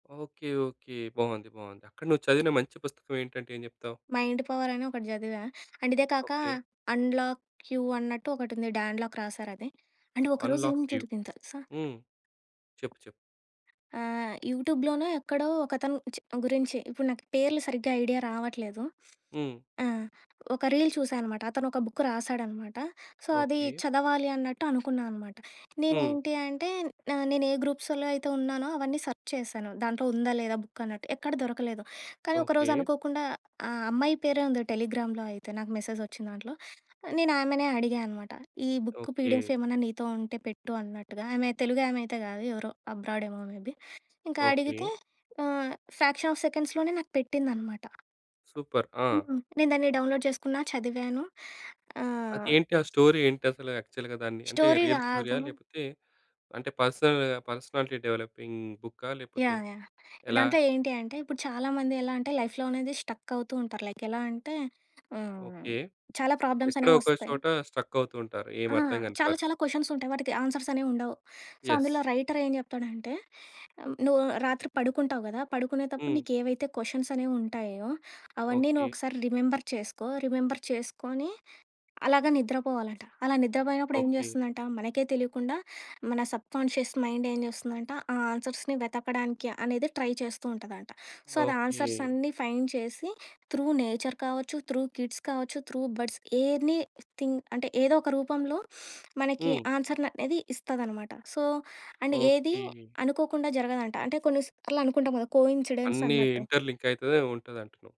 Okay. Okay. బావుంది. బావుంది. అక్కడ నువ్వు చదివిన మంచి పుస్తకవేంటంటే ఏం చెప్తావు? మైండ్ పవరని ఒకటి చదివా. అండ్ ఇదే కాకా ఓకే. అన్‌లాక్ యూ అన్నట్టు ఒకటుంది. Dan lock రాశారది. అండ్ ఒక రోజు ఏం అన్‌లాక్ యూ. జరిగిందో తెలుసా? హ్మ్. చెప్పు. చెప్పు. ఆహ్, యూట్యూబ్‌లోనో ఎక్కడో ఒకతను చి గురించి ఇప్పుడు నాకు పేర్లు సరిగ్గా ఐడియా రావట్లేదు. హ్మ్. ఆ! ఒక రీల్ చూశా అనమాట. అతనొక బుక్ రాశాడనమాట. సో అది ఓకే. చదవాలి అన్నట్టు అనుకున్నా అనమాట. హ్మ్. నేనేంటి అంటే న నేనే గ్రూప్సుల్లో అయితే ఉన్నానో అవన్నీ సర్చ్ చేశాను. దాంట్లో ఉందా? లేదా? బుక్ అన్నట్టు. ఎక్కడ దొరకలేదు. కానీ ఒకరోజు ఓకే. అనుకోకుండా ఆహ్, అమ్మాయి పేరే ఉంది టెలిగ్రామ్‌లో అయితే నాకు మెసేజొచ్చిందాంట్లో. ఆహ్, నేను ఆమెనే అడిగా అనమాట. ఈ బుక్ ఓకే. పీడిఎఫ్ ఏమన్నా నీతో ఉంటే పెట్టు అన్నట్టుగా. ఆమె తెలుగు ఆమె అయితే కాదు. ఎవరో అబ్రాడ్ ఏమో మేబీ. ఇంకా అడిగితే ఓకే. ఆహ్, ఫ్రాక్షన్ ఆఫ్ సెకండ్స్‌లోనే నాకు పెట్టిందనమాట. సూపర్. ఆ! హ్మ్. నేను దాన్ని డౌన్‌లోడ్ చేసుకున్నా. చదివాను. ఆహ్ అదేంటి? ఆ స్టోరీ ఏంటసల యాక్చల్‌గా దాన్ని? అంటే స్టోరీ రియల్ గాదు. స్టోరీయా? లేపోతే అంటే పర్సనల్ పర్సనాలిటీ డెవలపింగ్ బుక్కా? లేపోతే యాహ్! యాహ్! ఎలా? దాంట్లో ఏంటి అంటే ఇప్పుడు చాలా మంది ఎలా అంటే లైఫ్‌లో అనేది స్టక్ అవుతూ ఉంటారు. లైక్ ఎలా అంటే ఆహ్, ఓకే. చాలా ప్రాబ్లమ్స్ ఎక్కడో అనేవొస్తాయి. ఒకచోటా స్ట్రక్ అవుతూ ఉంటారు. ఆ! ఏమర్థం గానీ చాలా, చాలా పరిస్థితి. కొషన్స్ ఉంటాయి. వాటికి ఆన్సర్స్ అనేవుండవు. So, yes. అందులో రైటర్ ఏం చెప్తాడంటే, "ఆహ్ నువ్వు రాత్రి పడుకుంటావు గదా! పడుకునేతప్పుడు హ్మ్. నీకేవైతే కొషన్స్ అనేవుంటాయో అవన్నీ నువ్వు ఓకే. ఒకసారి రిమెంబర్ చేసుకో. రిమెంబర్ చేసుకొని" అలాగా నిద్రపోవాలట. అలా నిద్రపోయినప్పుడు ఏం ఓకే. జేస్తుందంట? మనకే తెలియకుండా మన సబ్‌కాన్‌షియస్ మైండ్ ఏం చేస్తుందంట ఆ ఆన్సర్స్‌ని వెతకడానికి అనేదే ట్రై చేస్తూ ఉంటదంట. సో, అది ఓకే. ఆన్సర్స్ అన్నీ ఫైండ్ చేసి త్రూ నేచర్ కావచ్చు, త్రూ కిడ్స్ కావచ్చు, త్రూ బర్డ్స్, ఎనీ థింగ్ అంటే ఏదో ఒక రూపంలో మనకి హ్మ్. ఆన్సర్‌‌ అనేది ఇస్తదనమాట. సో అండ్ ఏది ఓకే. అనుకోకుండా జరగదంట. అంటే కొన్ని సార్లు అనుకుంటాం గదా! కోయిన్సిడెన్స్ అన్నీ అన్నట్టు. ఇంటర్‌లింక్ అయితదే ఉంటదంటున్నావు.